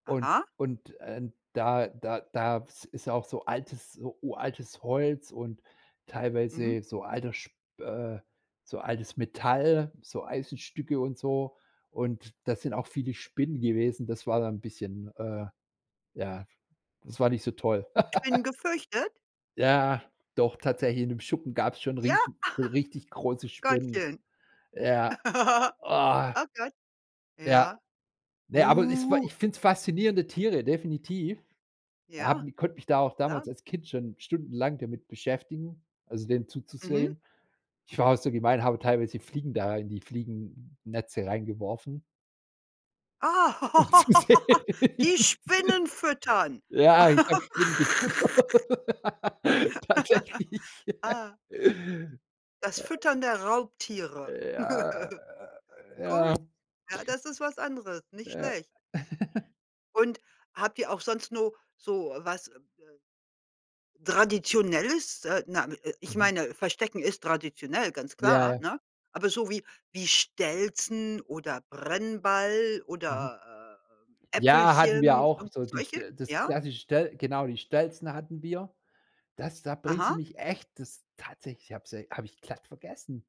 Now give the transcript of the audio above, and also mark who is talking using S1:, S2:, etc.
S1: Und
S2: Aha.
S1: und, ähm, da da da ist ist auch so altes so uraltes Holz und
S2: Mhm.
S1: teilweise so alter sp äh, so altes Metall, so Eisenstücke und so. Und da sind auch viele Spinnen gewesen. Das war dann 'n bisschen äh, ja, das war nicht so toll.
S2: Spinnen gefürchtet?
S1: Ja, doch tatsächlich, in dem Schuppen gab's schon
S2: Ja?
S1: riesig so richtig große Spinnen.
S2: Gottchen.
S1: Ja, oh.
S2: Oh, Gott.
S1: Ja,
S2: Ja.
S1: ne, aber ist wa
S2: Uh.
S1: ich find's faszinierende Tiere, definitiv.
S2: Ja,
S1: Haben ich konnte mich da auch
S2: klar.
S1: damals als Kind schon stundenlang damit beschäftigen, also, denen
S2: Mhm.
S1: zuzusehen. Ich war auch so gemein, habe teilweise Fliegen da in die Fliegennetze reingeworfen
S2: Ah.
S1: u um zu sehen, wie
S2: Die Spinnen
S1: die
S2: füttern.
S1: ja ich habe Spinnen gefüttert. Tatsächlich.
S2: Ah. Das Füttern der Raubtiere.
S1: Ja, äh, ja.
S2: Gut. Ja, das ist was anderes, nicht
S1: Ja.
S2: schlecht. Und habt ihr auch sonst nur so was traditionelles äh, na äh, ich
S1: Mhm.
S2: meine, Verstecken ist traditionell, ganz
S1: Ja,
S2: klar,
S1: ja.
S2: ne? Aber so wie wie Stelzen oder Brennball
S1: Mhm.
S2: oder, äh, ähm,
S1: Ja, hatten wir
S2: Äpfelchen,
S1: auch so
S2: irgendwie solche
S1: dichte das
S2: ja?
S1: klassische stell genau, die Stelzen hatten wir. Das da bringst du
S2: Aha.
S1: mich echt das tatsächlich habe sie habe ich glatt vergessen.